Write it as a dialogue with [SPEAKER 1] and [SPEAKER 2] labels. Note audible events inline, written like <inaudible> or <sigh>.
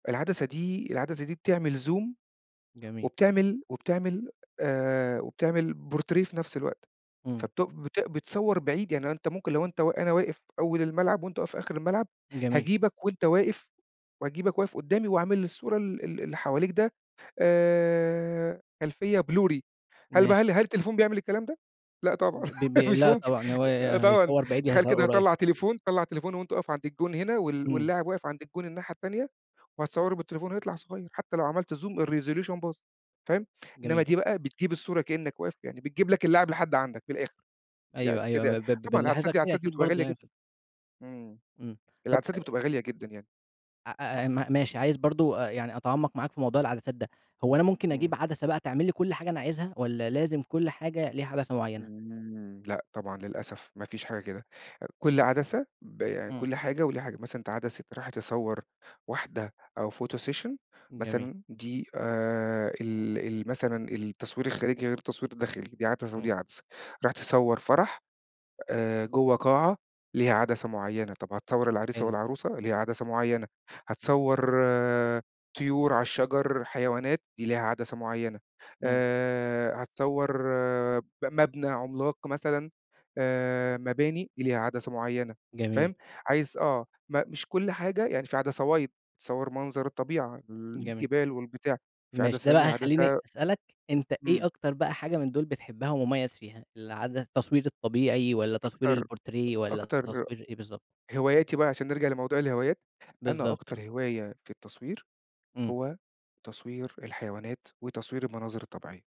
[SPEAKER 1] العدسة دي، العدسة دي بتعمل زوم
[SPEAKER 2] جميل.
[SPEAKER 1] وبتعمل وبتعمل آآ، وبتعمل بورتريه في نفس الوقت،
[SPEAKER 2] امم.
[SPEAKER 1] فبت بت بتصوّر بعيد، يعني أنت ممكن لو أنت وا أنا واقف أول الملعب وأنت واقف في آخر الملعب،
[SPEAKER 2] جميل.
[SPEAKER 1] هاجيبك وأنت واقف واجيبك واقف قدّامي واعمل السور ال ال اللي حواليك ده آآ، خلفية blurry، هل بقى
[SPEAKER 2] ماشي.
[SPEAKER 1] هل هل التليفون بيعمل الكلام ده؟ لأ طبعًا،
[SPEAKER 2] ب ب ب
[SPEAKER 1] <laughs> مش
[SPEAKER 2] لأ
[SPEAKER 1] ممكن،
[SPEAKER 2] طبعًا، هو يا
[SPEAKER 1] طبعًا،
[SPEAKER 2] هيصوّر بعيد، يا
[SPEAKER 1] تخيّل
[SPEAKER 2] هيصوّر
[SPEAKER 1] كده
[SPEAKER 2] قريب.
[SPEAKER 1] هاطلّع تليفون هاطلّع تليفون وأنت واقف عند الجون هنا وال
[SPEAKER 2] امم.
[SPEAKER 1] واللاعب واقف عند الجون الناحية التانية، وهاتصوَّره بالتليفون ويطلع صغيّر، حتى لو عملت زوم الresolution باظ، فاهم؟ إنّما
[SPEAKER 2] جميل.
[SPEAKER 1] دي بقى، بتجيب الصورة كأنك واقف، يعني بتجيب لك اللاعب لحد عندك من الآخر،
[SPEAKER 2] أيوه،
[SPEAKER 1] يعني
[SPEAKER 2] أيوه
[SPEAKER 1] كده يعني،
[SPEAKER 2] ب ب ب
[SPEAKER 1] طبعًا
[SPEAKER 2] بنلاحظها
[SPEAKER 1] العدسات
[SPEAKER 2] كتير
[SPEAKER 1] العدسات دي
[SPEAKER 2] أكيد
[SPEAKER 1] بتبقى
[SPEAKER 2] برضه
[SPEAKER 1] غالية
[SPEAKER 2] يعني
[SPEAKER 1] جدًا.
[SPEAKER 2] <unintelligible>
[SPEAKER 1] إمم،
[SPEAKER 2] امم، طب
[SPEAKER 1] العدسات دي بتبقى غالية جدًا يعني.
[SPEAKER 2] أ أ أ م ماشي عايز برضه آآ، يعني أتعمّق معاك في موضوع العدسات ده، هو أنا ممكن
[SPEAKER 1] امم.
[SPEAKER 2] أجيب عدسة بقى تعمل لي كل حاجة أنا عايزها؟ والَّا لازم كل حاجة ليها عدسة معيّنة؟
[SPEAKER 1] امم، لأ طبعًا للأسف، ما فيش حاجة كده، آآ، كل عدسة ب
[SPEAKER 2] امم.
[SPEAKER 1] كل حاجة وليها حاجة، مثلًا أنت عدسة رايح تصور واحدة أو photo session
[SPEAKER 2] جميل.
[SPEAKER 1] مثلًا دي آآ، ال ال مثلًا التصوير الخارجي غير التصوير الداخلي، دي عدسة،
[SPEAKER 2] امم.
[SPEAKER 1] ودي عدسة، رايح تصوّر فرَح، آآ، جوّه قاعة ليها عدسة معيّنة، طب هتصور العريس
[SPEAKER 2] حلو.
[SPEAKER 1] والعروسة ليها عدسة معيّنة،
[SPEAKER 2] امم.
[SPEAKER 1] هتصوّر طيورعلى الشجر، حيوانات دي ليها عدسة معيّنة،
[SPEAKER 2] امم.
[SPEAKER 1] آآ، هتصوَّر ب مبنى عملاق مثلًا آآ، مباني، دي ليها عدسة معيّنة،
[SPEAKER 2] جميل.
[SPEAKER 1] فاهم؟ عايز آه، م مش كل حاجة يعني في عدسة wide تصوّر منظر الطبيعة،
[SPEAKER 2] جميل.
[SPEAKER 1] الجبال والبتاع، في
[SPEAKER 2] ماشي،
[SPEAKER 1] عدسة
[SPEAKER 2] ده بقى
[SPEAKER 1] تانية
[SPEAKER 2] هيخليني
[SPEAKER 1] عدسة
[SPEAKER 2] أسألك أنت إيه
[SPEAKER 1] امم.
[SPEAKER 2] أكتر بقى حاجة من دول بتحبها ومميّز فيها؟ العد التصوير الطبيعي والَّا تصوير
[SPEAKER 1] أكتر،
[SPEAKER 2] البورتريه والَّا
[SPEAKER 1] أكتر
[SPEAKER 2] تصوير إيه بالضبط؟
[SPEAKER 1] هواياتي بقى عشان نرجع لموضوع الهوايات، أنا
[SPEAKER 2] بالضبط،
[SPEAKER 1] أكتر
[SPEAKER 2] آه.
[SPEAKER 1] هواية في التصوير،
[SPEAKER 2] امم.
[SPEAKER 1] هو تصوير الحيوانات، وتصوير المناظر الطبيعية.